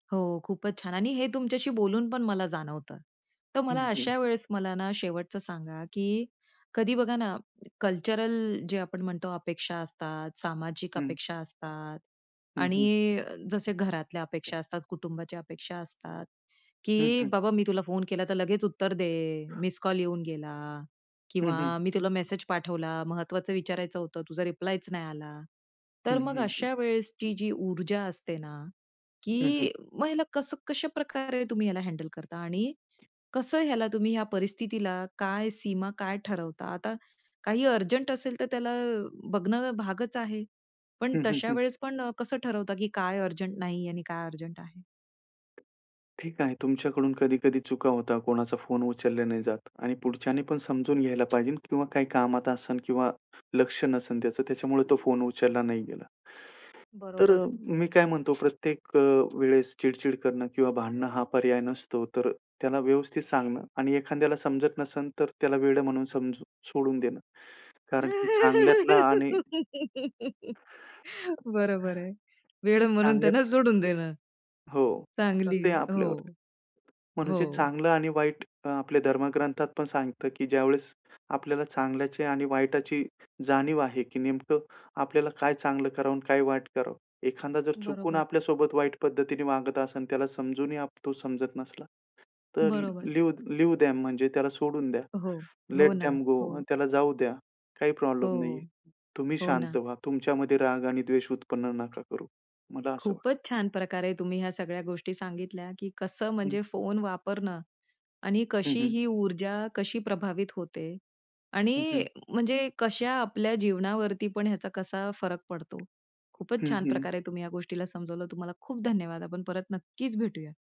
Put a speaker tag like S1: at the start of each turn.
S1: हो खूपच छान आणि हे तुमच्याशी बोलून पण मला जाणवतं. तर
S2: हं,
S1: मला
S2: हं.
S1: अशा वेळेस मला ना शेवटचं सांगा? की कधी बघा ना कल्चरल जे आपण म्हणतो अपेक्षा असतात, सामाजिक
S2: हं.
S1: अपेक्षा असतात
S2: हं, हं.
S1: आणि जसे घरातल्या अपेक्षा असतात, कुटुंबाच्या अपेक्षा असतात
S2: हं,
S1: की
S2: हं.
S1: बाबा मी तुला फोन केला तर लगेच उत्तर दे मिस्ड कॉल येऊन गेला
S2: हं, हं.
S1: किंवा मी तुला मेसेज पाठवला महत्त्वाचं विचारायचं होतं तुझा रिप्लायच नाही आला. तर
S2: हं,
S1: मग
S2: हं, हं.
S1: अशा वेळेसची जी ऊर्जा असते ना
S2: हं, हं.
S1: की मग ह्याला कसं कशा प्रकारे तुम्ही ह्याला हँडल करता आणि कसं ह्याला तुम्ही ह्या परिस्थितीला काय सीमा, काय ठरवता? आता काही अर्जंट असेल तर त्याला बघणं भागच आहे. पण
S2: हं, हं,
S1: तशा
S2: हं.
S1: वेळेस पण कसं ठरवता की काय अर्जंट नाही आणि काय अर्जंट आहे?
S2: ठीक आहे तुमच्याकडून कधी-कधी चुका होता. कोणाचा फोन उचलला नाही जात आणि पुढच्याने पण समजून घ्यायला पाहिजे किंवा काही कामात असेल किंवा लक्ष नसेल त्याचं त्याच्यामुळे तो फोन उचलला नाही गेला. तर
S1: बरोबर.
S2: मी काय म्हणतो प्रत्येक वेळेस अ, चिडचिड करणं किंवा भांडणं हा पर्याय नसतो. तर त्याला व्यवस्थित सांगणं आणि एखाद्याला समजत नसेल तर त्याला वेडं म्हणून समजून सोडून देणं. कारण की चांगल्यातला आणि
S1: बरोबर आहे. वेड म्हणून त्यांना
S2: चांगल्यातला
S1: सोडून देणं
S2: हो तर
S1: चांगली
S2: ते
S1: आहे
S2: आपल्यावरती.
S1: हो,
S2: म्हणून जे
S1: हो.
S2: चांगलं आणि वाईट अ, आपल्या धर्मग्रंथात पण सांगतं की ज्यावेळेस आपल्याला चांगल्याचे आणि वाईटाची जाणीव आहे की नेमकं आपल्याला काय चांगलं करावं आणि काय वाईट करावं. एखादा जर चुकून
S1: बरोबर.
S2: आपल्यासोबत वाईट पद्धतीने वागत असेल त्याला समजूनही आप तो समजत नसला, तर
S1: बरोबर.
S2: लिव लीव्ह देम म्हणजे त्याला सोडून द्या.
S1: हो, हो
S2: लेट
S1: ना
S2: देम गो
S1: हो.
S2: त्याला जाऊ द्या. काही प्रॉब्लेम नाहीये.
S1: हो,
S2: तुम्ही
S1: हो
S2: शांत
S1: ना.
S2: व्हा. तुमच्यामध्ये राग आणि द्वेष उत्पन्न नका करू. मला असं वाटतं.
S1: खूपच छान प्रकारे तुम्ही ह्या सगळ्या गोष्टी सांगितल्या की कसं
S2: हं.
S1: म्हणजे फोन वापरणं आणि
S2: हं,
S1: कशी
S2: हं.
S1: ही ऊर्जा, कशी प्रभावित होते
S2: हं,
S1: आणि
S2: हं.
S1: म्हणजे कशा आपल्या जीवनावरती पण ह्याचा कसा फरक पडतो. खूपच
S2: हं,
S1: छान
S2: हं.
S1: प्रकारे तुम्ही ह्या गोष्टीला समजावलं. तुम्हाला खूप धन्यवाद. आपण परत नक्कीच भेटूया.